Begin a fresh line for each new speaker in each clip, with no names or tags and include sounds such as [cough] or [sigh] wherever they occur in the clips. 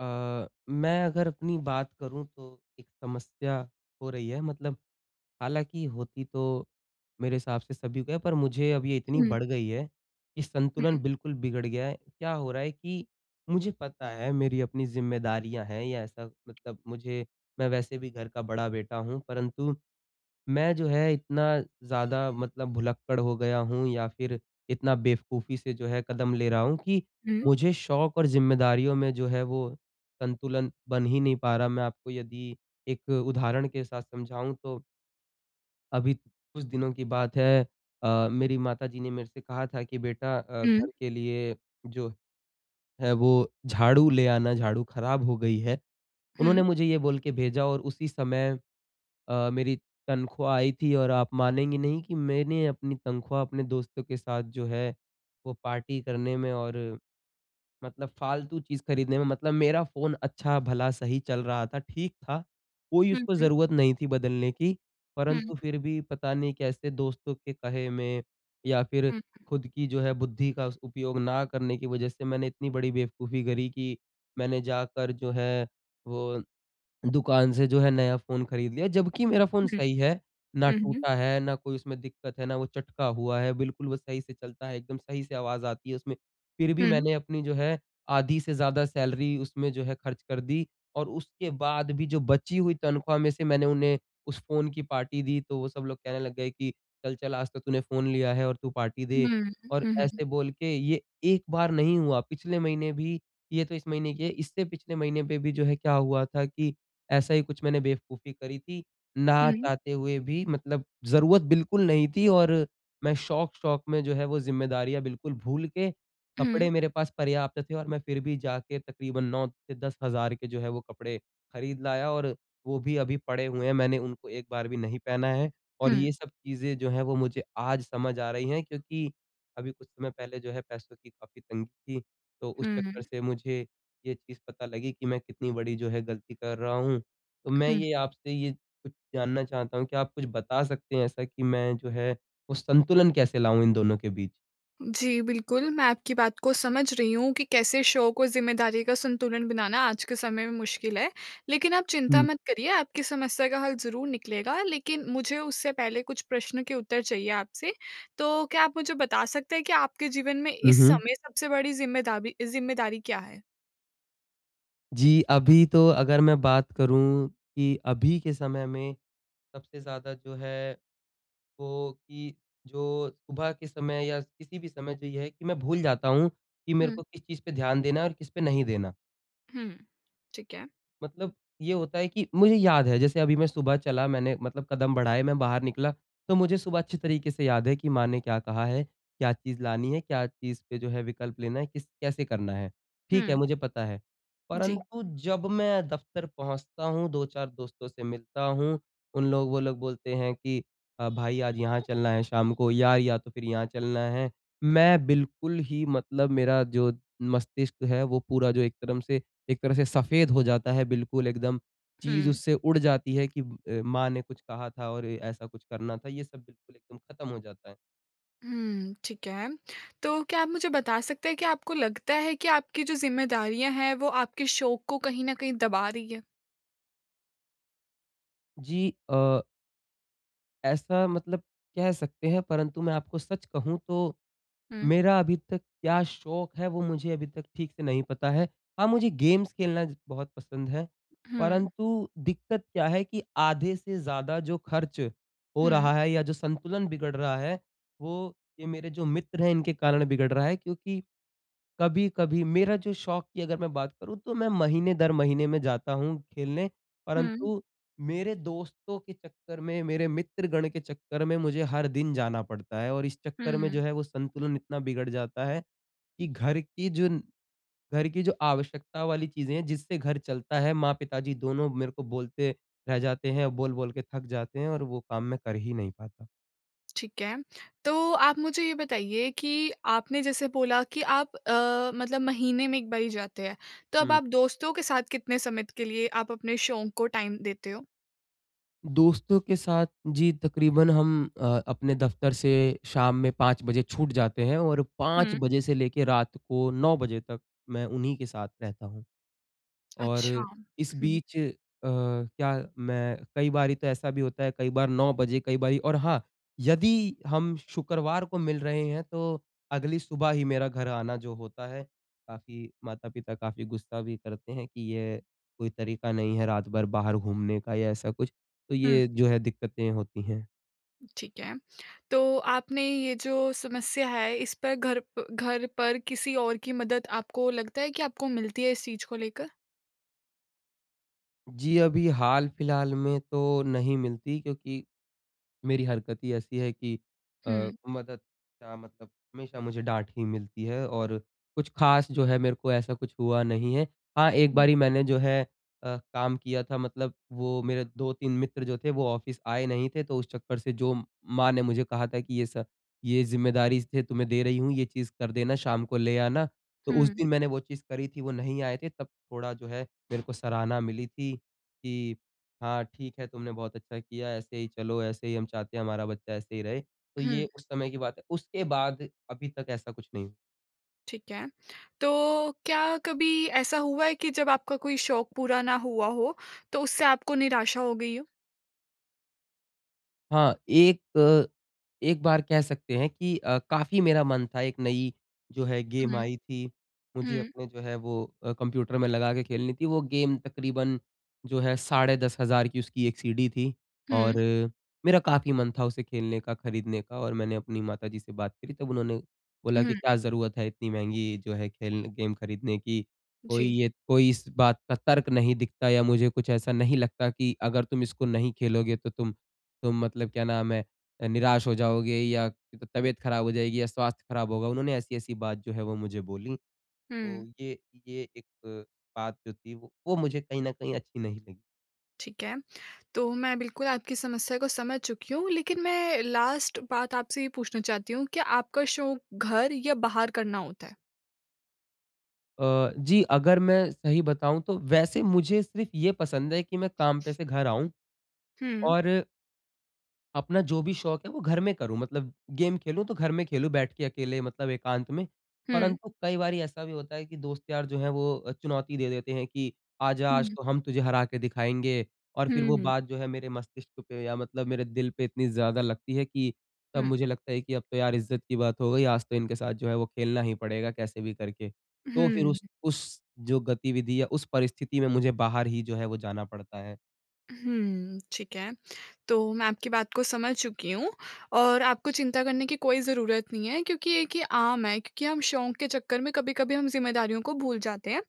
अ, मैं अगर अपनी बात करूँ तो एक समस्या हो रही है। मतलब हालाँकि होती तो मेरे हिसाब से सभी को है पर मुझे अब ये इतनी
हुँ।
बढ़ गयी है कि संतुलन
हुँ।
बिल्कुल बिगड़ गया है। क्या हो रहा है कि मुझे पता है मेरी अपनी ज़िम्मेदारियाँ हैं या ऐसा मतलब मुझे मैं वैसे भी घर का बड़ा बेटा हूँ परंतु, मैं जो है इतना ज़्यादा मतलब भुलक्कड़ हो गया हूँ या फ़िर इतना बेवकूफ़ी से जो है कदम ले रहा हूँ कि
हुँ।
मुझे शौक़ और ज़िम्मेदारियों में जो है वो संतुलन बन ही नहीं पा रहा मैं आपको यदि एक उदाहरण के साथ समझाऊँ तो अभी, कुछ दिनों की बात है। अ, मेरी माताजी ने मेरे से कहा था कि बेटा अ,
हुँ।
घर के लिए जो है वो झाड़ू ले आना, झाड़ू ख़राब हो गयी है।
हुँ।
उन्होंने मुझे ये बोल के भेजा और उसी समय अ, मेरी तनख़्वाह आयी थी और आप मानेंगी नहीं कि मैंने अपनी तनख़्वाह अपने दोस्तों के साथ जो है वो पार्टी करने में और, मतलब फ़ालतू चीज़ ख़रीदने में मतलब मेरा फ़ोन अच्छा भला सही चल रहा था, ठीक था। कोई
हुँ,
उसको
हुँ।
ज़रूरत नहीं थी बदलने की।
हुँ।
परंतु फ़िर भी पता नहीं कैसे दोस्तों के कहे में या फ़िर
हुँ।
ख़ुद की जो है बुद्धि का उस उपयोग ना करने की वजह से मैंने इतनी बड़ी बेवकूफ़ी करी कि मैंने जाकर जो है वो, दुकान से जो है नया फ़ोन ख़रीद लिया। जब कि मेरा फ़ोन
हुँ।
सही है ना
हुँ, हुँ।
टूटा है ना कोई उसमें दिक़्क़त है ना वो चटका हुआ है बिल्कुल वो सही से चलता है। एकदम सही से आवाज़ आती है उसमें। फ़िर भी
हुँ।
मैंने अपनी जो है आधी से ज़्यादा सैलरी उसमें जो है ख़र्च कर दी और उसके बाद भी जो बची हुई तनख़्वाह में से मैंने उन्हें उस फ़ोन की पार्टी दी। तो वो सब लोग कहने लग गए कि, "चल, चल आज तो तूने फ़ोन लिया है और तू पार्टी दे।"
हुँ,
और
हुँ, हुँ।
ऐसे बोल के ये एक बार नहीं हुआ। पिछले महीने भी ये तो इस महीने की है। इससे पिछले महीने पे भी जो है क्या हुआ था कि ऐसा ही कुछ मैंने बेवकूफ़ी करी थी। ना
हुँ।
चाहते हुए भी मतलब ज़रूरत बिल्कुल नहीं थी और मैं शौक़-शौक़ में जो है वो ज़िम्मेदारियाँ बिल्कुल भूल के
हुँ।
कपड़े मेरे पास पर्याप्त थे। और मैं फ़िर भी जाके तक़रीबन 9 से 10 हज़ार के जो है वो कपड़े ख़रीद लाया। और वो भी अभी पड़े हुए हैं मैंने उनको एक बार भी नहीं पहना है। और
हुँ।
ये सब चीज़ें जो हैं वो मुझे आज समझ आ रही हैं क्योंकि अभी कुछ समय पहले जो है पैसों की काफ़ी तंगी थी। तो उस चक्कर
हुँ।
से मुझे ये चीज़ पता लगी कि मैं कितनी बड़ी जो है ग़लती कर रहा हूँ। तो मैं
हुँ।
ये आपसे ये कुछ जानना चाहता हूँ। क्या आप कुछ बता सकते हैं? ऐसा कि मैं जो है वो संतुलन कैसे लाऊँ इन दोनों के बीच?
जी, बिल्कुल। मैं आपकी बात को समझ रही हूँ कि कैसे शो को ज़िम्मेदारी का संतुलन बनाना आज के समय में मुश्किल है। लेकिन आप चिंता
हुँ।
मत करिए आपकी समस्या का हल ज़रूर निकलेगा। लेकिन मुझे उससे पहले कुछ प्रश्न के उत्तर चाहिए आपसे। तो क्या आप मुझे बता सकते हैं कि आपके जीवन में
हुँ,
इस
हुँ।
समय सबसे बड़ी जिम्मेदाबी जिम्मेदारी क्या है?
जी, अभी तो अगर मैं बात करूँ की अभी के समय में सबसे ज़्यादा जो है वो की जो सुबह के समय या किसी भी समय जो ये है कि मैं भूल जाता हूँ की मेरे
हुँ।
को किस चीज़ पे ध्यान देना है और किस पे नहीं देना।
हुँ, हुँ। ठीक है।
मतलब ये होता है कि मुझे याद है। जैसे अभी मैं सुबह चला मैंने मतलब कदम बढाए, मैं बाहर निकला तो मुझे सुबह अच्छी तरीके से याद है कि माँ ने क्या कहा है? क्या चीज़ लानी है, क्या चीज़ पे जो है विकल्प लेना है, किस कैसे करना है? ठीक है,
हुँ।
मुझे पता है।
जी।
परंतु जब मैं दफ्तर पहुँचता हूँ, 2-4 दोस्तों से मिलता हूँ, उन लोग वो लोग बोलते हैं कि भाई आज यहाँ चलना है शाम को या या तो फिर यहाँ चलना है। मैं बिल्कुल ही मतलब मेरा जो मस्तिष्क है वो पूरा जो एक तरफ से एक तरह से सफेद हो जाता है बिल्कुल एकदम। चीज़
हुँ।
उससे उड़ जाती है कि अ, माँ ने कुछ कहा था और ऐसा कुछ करना था। ये सब बिल्कुल एकदम ख़त्म हो जाता है।
हम्म, ठीक है। तो क्या आप मुझे बता सकते हैं क्या आपको लगता है कि आपकी जो जिम्मेदारियाँ हैं वो आपके शौक को कहीं न कहीं दबा रही है?
जी, अ ऐसा मतलब कह सकते हैं परंतु मैं आपको सच कहूँ तो,
हुँ।
मेरा अभी तक क्या शौक है वो मुझे अभी तक ठीक से नहीं पता है। हाँ, मुझे गेम्स खेलना ज बहुत पसंद है।
हुँ।
परंतु दिक्कत क्या है कि आधे से ज़्यादा जो खर्च हो
हुँ।
रहा है या जो संतुलन बिगड़ रहा है वो ये मेरे जो मित्र हैं इनके कारण बिगड़ रहा है। क्योंकि कभी-कभी मेरा जो शौक की अगर मैं बात करूँ तो मैं महीने दर महीने में जाता हूँ खेलने,
हुँ।
परंतु मेरे दोस्तों के चक्कर में मेरे मित्रगण के चक्कर में मुझे हर दिन जाना पड़ता है। और इस चक्कर
हुँ,
में
हुँ।
जो है वो संतुलन इतना बिगड़ जाता है कि घर की जो घर की जो आवश्यकता वाली चीज़ें हैं जिससे घर चलता है, माँ-पिताजी दोनों मेरे को बोलते रह जाते हैं और बोल-बोल के थक जाते हैं और वो काम मैं कर ही नहीं पाता।
ठीक है। तो आप मुझे ये बताइए कि आपने जैसे बोला कि आप अ, मतलब महीने में 1 बार ही जाते हैं। तो अब
हुँ।
आप दोस्तों के साथ कितने समय के लिए आप अपने शौक को टाइम देते हो?
दोस्तों के साथ जी, तकरीबन हम अ, अपने दफ्तर से शाम में 5 बजे छूट जाते हैं और 5
हुँ।
बजे से लेके रात को 9 बजे तक मैं उन्हीं के साथ रहता हूँ। और
अच्छा।
इस बीच अ, क्या मैं कई बारी तो ऐसा भी होता है कई बार 9 बजे कई बारी और हाँ, यदि हम शुक्रवार को मिल रहे हैं तो अगली सुबह ही मेरा घर आना जो होता है, काफ़ी माता-पिता काफ़ी गुस्सा भी करते हैं कि ये कोई तरीका नहीं है रात-भर बाहर घूमने का या ऐसा कुछ। तो
हुँ।
ये जो है दिक्कतें होती हैं।
ठीक है, तो आपने ये जो समस्या है इस पे घर प घर पर किसी और की मदद आपको लगता है कि आपको मिलती है इस चीज़ को लेकर?
जी, अभी हाल-फिलहाल में तो नहीं मिलती क्योंकि मेरी हरकत ही ऐसी है की अ,
हुँ।
मदद का मतलब हमेशा मुझे डाँट ही मिलती है और कुछ ख़ास जो है मेरे को ऐसा कुछ हुआ नहीं है। हाँ, एक
हुँ।
बारी मैंने जो है अ, काम किया था मतलब वो मेरे 2-3 मित्र जो थे वो ऑफिस आए नहीं थे तो उस चक्कर से जो माँ ने मुझे कहा था की ये सब ये ज़िम्मेदारी से तुम्हें दे रही हूँ ये चीज़ कर देना, शाम को ले आना। तो उस
हुँ।
दिन मैंने वो चीज़ करी थी वो नहीं आए थे, तब थोड़ा जो है मेरे को सराहना मिली थी की हाँ, ठीक है तुमने बहुत अच्छा किया ऐसे ही चलो ऐसे ही हम चाहते हैं हमारा बच्चा ऐसे ही रहे। तो ये
हुँ।
उस समय की बात है, उसके बाद अभी तक ऐसा कुछ नहीं।
ठीक है। तो क्या कभी ऐसा हुआ है कि जब आपका कोई शौक़ पूरा ना हुआ हो, तो उससे आपको निराशा हो गई हो?
हाँ, एक एक बार कह सकते हैं कि अ, काफ़ी मेरा मन था 1 नयी जो है गेम
हुँ।
आयी थी, मुझे
हुँ।
अपने जो है वो अ, कंप्यूटर में लगा के खेलनी थी वो गेम तकरीबन जो है साढ़े 10,000 की उसकी 1 सीडी थी
हुँ।
और मेरा काफ़ी मन था उसे खेलने का, खरीदने का और मैंने अपनी माताजी से बात करी तब उन्होंने, बोला कि
हुँ।
क्या ज़रूरत है इतनी महँगी जो है खेल गेम ख़रीदने की कोई
जी।
ये कोई इस बात का तर्क नहीं दिखता या मुझे कुछ ऐसा नहीं लगता कि अगर तुम इसको नहीं खेलोगे तो तुम तुम मतलब क्या नाम है निराश हो जाओगे या तबीयत ख़राब हो जाएगी या स्वास्थ्य ख़राब होगा उन्होंने ऐसी ऐसी बात जो है वो मुझे बोली। तो
हुँ।
ये ये, एक बात जो थी वो मुझे कहीं न कहीं अच्छी नहीं लगी।
ठीक है, तो मैं बिल्कुल आपकी समस्या को समझ चुकी हूँ लेकिन मैं लास्ट बात आपसे ये पूछना चाहती हूँ कि आपका शौक़ घर या बाहर करना होता है?
अ, जी अगर मैं सही बताऊँ तो, वैसे मुझे सिर्फ़ ये पसंद है कि मैं काम पे से घर आऊँ
हुँ।
और अपना जो भी शौक है वो घर में करूँ। मतलब गेम खेलूँ तो घर में खेलूँ बैठ के अकेले मतलब एकांत में।
हुँ।
परंतु कई बारी ऐसा भी होता है कि दोस्त-यार जो हैं वो चुनौती दे देते हैं कि आजा आज
हुँ।
तो हम तुझे हरा के दिखाएँगे। और फिर
हुँ,
वो
हुँ।
बात जो है मेरे मस्तिष्क पे या मतलब मेरे दिल पे इतनी ज़्यादा लगती है कि तब
हुँ।
मुझे लगता है कि अब तो यार! इज़्ज़त की बात हो गई। आज तो इनके साथ जो है वो खेलना ही पड़ेगा कैसे भी करके। तो फिर
हुँ।
उस उस जो गतिविधि या उस परिस्थिति में मुझे बाहर ही जो है वो जाना पड़ता है।
हुँ। ठीक है। तो मैं आपकी बात को समझ चुकी हूँ। और आपको चिंता करने की कोई ज़रूरत नहीं है क्योंकि ये कि आम है। क्योंकि हम शौक के चक्कर में कभी-कभी हम ज़िम्मेदारियों को भूल जाते हैं।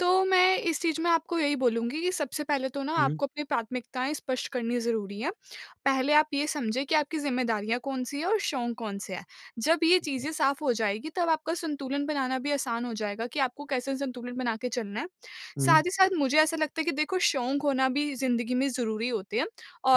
तो मैं इस चीज़ में आपको यही बोलूँगी कि सबसे पहले तो ना
उ, हुँ।
आपको अपनी प्राथमिकताएँ स्पष्ट करनी ज़रूरी हैं। पहले आप ये समझें कि आपकी ज़िम्मेदारियाँ कौन-सी हैं और शौक कौन-से हैं? जब ये
ठीक है।
चीज़ें साफ़ हो जाएँगी तब आपका संतुलन बनाना भी आसान हो जाएगा कि आपको कैसे संतुलन बना के चलना है। साथ
हुँ।
ही साथ मुझे ऐसा लगता है कि देखो शौक होना भी ज़िन्दगी में ज़रूरी होते हैं।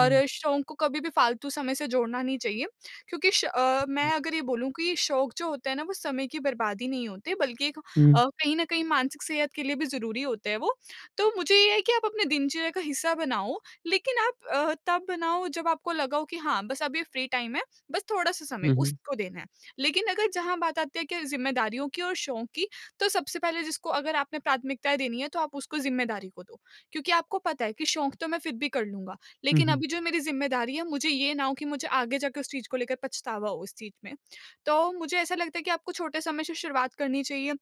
हुँ।
शौक को कभी भी फ़ालतू समय से जोड़ना नहीं चाहिए। क्योंकि श अ, मैं
[unintelligible]
अगर ये बोलूँ कि शौक जो होता है ना वो समय की बर्बादी नहीं होते बल्कि एक अ,
हुँ।
कहीं न कहीं मानसिक सेहत के लिए भी ज़रूरी होते हैं वो। तो मुझे ये है कि आप अपने दिनचर्या का हिस्सा बनाओ लेकिन आप अ, तब बनाओ जब आपको लगा हो कि हाँ, बस अब ये फ्री टाइम है, बस थोड़ा-सा समय
हुँ, हुँ।
उसको देना है। लेकिन अगर जहाँ बात आती है कि ज़िम्मेदारियों की और शौक की, तो सबसे पहले जिसको अगर आपने प्राथमिकताएँ देनी है तो आप उसको ज़िम्मेदारी को दो। क्योंकि आपको पता है कि शौक तो मैं फिर भी कर लूँगा,
हुँ,
लेकिन
हुँ।
अभी जो मेरी ज़िम्मेदारी है, मुझे ये ना हो कि मुझे आगे जाकर उस चीज़ को लेकर पछतावा हो उस चीज़ में। तो मुझे ऐसा लगता है कि आपको छोटे समय से शुरुआत करनी चाहिए। अ,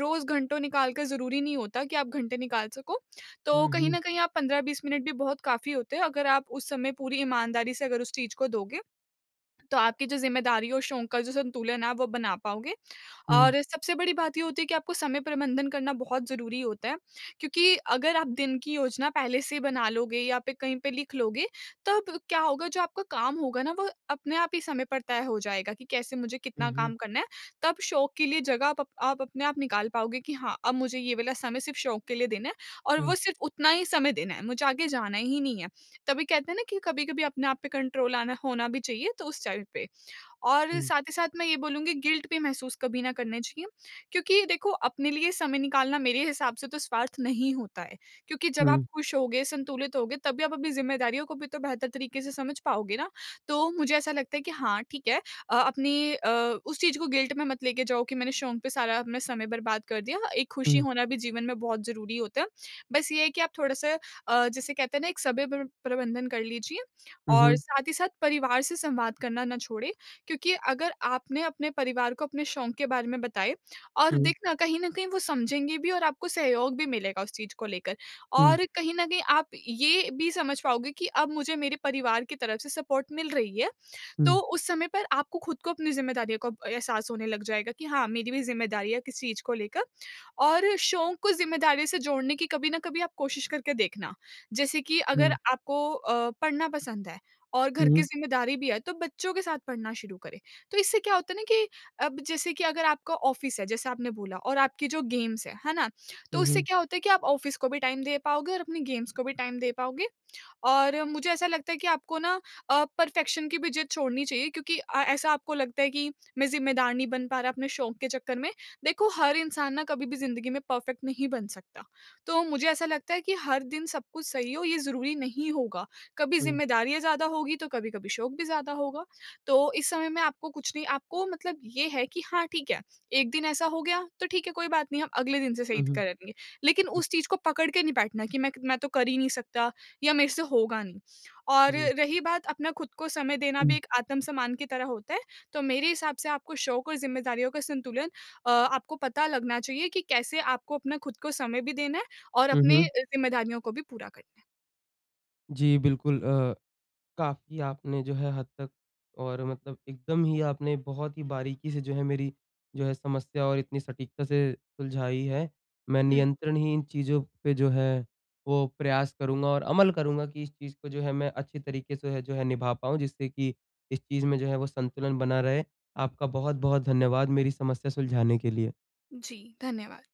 रोज़ घंटों निकाल कर ज़रूरी नहीं होता कि आप घंटे निकाल सको। तो
हुँ,
कहीं
हुँ।
न कहीं 15-20 मिनट भी बहुत काफ़ी होते हैं अगर आप उस समय पूरी ईमानदारी से अगर उस चीज़ को दोगे तो आपकी जो ज़िम्मेदारी और शौक का जो संतुलन है आप वो बना पाओगे।
हुँ।
और सबसे बड़ी बात ये होती है कि आपको समय प्रबंधन करना बहुत ज़रूरी होता है। क्योंकि अगर आप दिन की योजना पहले से ही बना लोगे या फिर कहीं पे लिख लोगे, तब क्या होगा जो आपका काम होगा ना वो अपने आप ही समय पर तय हो जाएगा कि कैसे मुझे
हुँ,
कितना
हुँ।
काम करना है। तब शौक के लिए जगह अप आप अपने आप निकाल पाओगे कि हाँ, अब मुझे ये वाला समय सिर्फ़ शौक के लिए देना है और वो
हुँ।
सिर्फ़ उतना ही समय देना है, मुझे आगे जाना ही नहीं है। तभी कहते हैं ना कि कभी-कभी अपने आप पे कंट्रोल आना होना भी चाहिए तो उस चाइल्ड पे। और
हुँ।
साथ ही साथ मैं ये बोलूँगी गिल्ट भी महसूस कभी ना करना चाहिए। क्योंकि देखो अपने लिए समय निकालना मेरे हिसाब से तो स्वार्थ नहीं होता है। क्योंकि जब आप
हुँ।
खुश होगे, संतुलित होगे तब भी आप अपनी ज़िम्मेदारियों को भी तो बेहतर तरीके से समझ पाओगे ना। तो मुझे ऐसा लगता है कि हाँ, ठीक है, अ अपनी अ, उस चीज़ को गिल्ट में मत लेके जाओ कि मैंने शौक पे सारा अब समय बर्बाद कर दिया। एक खुशी
हुँ।
होना भी जीवन में बहुत ज़रूरी होता है। बस ये है कि आप थोड़ा-सा अ, जिसे कहते हैं ना एक समय प्र प्रबंधन कर लीजिए।
हुँ,
और
हुँ।
साथ ही साथ परिवार से संवाद करना ना छोड़ें। क्योंकि अगर आपने अपने परिवार को अपने शौक के बारे में बताएँ, और
हुँ।
देखना कहीं न कहीं वो समझेंगे भी और आपको सहयोग भी मिलेगा उस चीज़ को लेकर।
हुँ।
और कहीं न कहीं आप ये भी समझ पाओगे कि अब मुझे मेरे परिवार की तरफ से सपोर्ट मिल रही है।
हुँ।
तो उस समय पर आपको खुद को अपनी ज़िम्मेदारियों का एहसास होने लग जाएगा कि हाँ, मेरी भी ज़िम्मेदारियाँ है किस चीज़ को लेकर। और शौक को ज़िम्मेदारियों से जोड़ने की कभी न कभी आप कोशिश करके देखना। जैसे कि अगर
हुँ।
आपको अ, पढ़ना पसंद है और घर की
हुँ।
ज़िम्मेदारी भी है तो बच्चों के साथ पढ़ना शुरू करें। तो इससे क्या होता है ना कि अब जैसे कि अगर आपका ऑफ़िस है, जैसे आपने बोला और आपकी जो गेम्स हैं, है ना? तो
हुँ,
उससे
हुँ।
क्या होता है कि आप ऑफ़िस को भी टाइम दे पाओगे और अपनी गेम्स को भी टाइम दे पाओगे। और मुझे ऐसा लगता है कि आपको ना अ, परफ़ेक्शन की भी ज़िद छोड़नी चाहिए क्योंकि अ, ऐसा आपको लगता है कि मैं ज़िम्मेदार नहीं बन पा रहा अपने शौक के चक्कर में। देखो हर इंसान ना कभी भी ज़िन्दगी में परफ़ेक्ट नहीं बन सकता। तो मुझे ऐसा लगता है कि हर दिन सब कुछ सही हो, ये ज़रूरी नहीं होगा। कभी
हुँ।
ज़िम्मेदारियाँ ज़्यादा होगी तो कभी-कभी शौक भी ज़्यादा होगा। तो इस समय में आपको कुछ नहीं। आपको मतलब ये है कि हाँ, ठीक है 1 दिन ऐसा हो गया तो ठीक है कोई बात नहीं हम अगले दिन से सही
हुँ, हुँ।
करेंगे। लेकिन उस चीज़ को पकड़ के नहीं बैठना कि मैं मैं तो कर ही नहीं सकता या मेरे से होगा नहीं। और
जी।
रही बात अपना खुद को समय देना भी
हुँ।
एक आत्मसम्मान की तरह होता है। तो मेरे हिसाब से आपको शौक और ज़िम्मेदारियों का संतुलन अ, आपको पता लगना चाहिए कि कैसे आपको अपना खुद को समय भी देना है और
हुँ,
अपनी
हुँ।
ज़िम्मेदारियों को भी पूरा करना है।
जी, बिल्कुल अ, काफ़ी आपने जो है हद तक और मतलब एकदम ही आपने बहुत ही बारीकी से जो है मेरी जो है समस्या और इतनी सटीकता से सुलझाई है। मैं
हुँ।
नियंत्रण ही इन चीज़ों पे जो है वो प्रयास करूँगा और अमल करूँगा कि इस चीज़ को जो है मैं अच्छी तरीक़े से जो है निभा पाऊँ, जिससे कि इस चीज़ में जो है वो संतुलन बना रहे। आपका बहुत-बहुत धन्यवाद मेरी समस्या सुलझाने के लिए।
जी, धन्यवाद।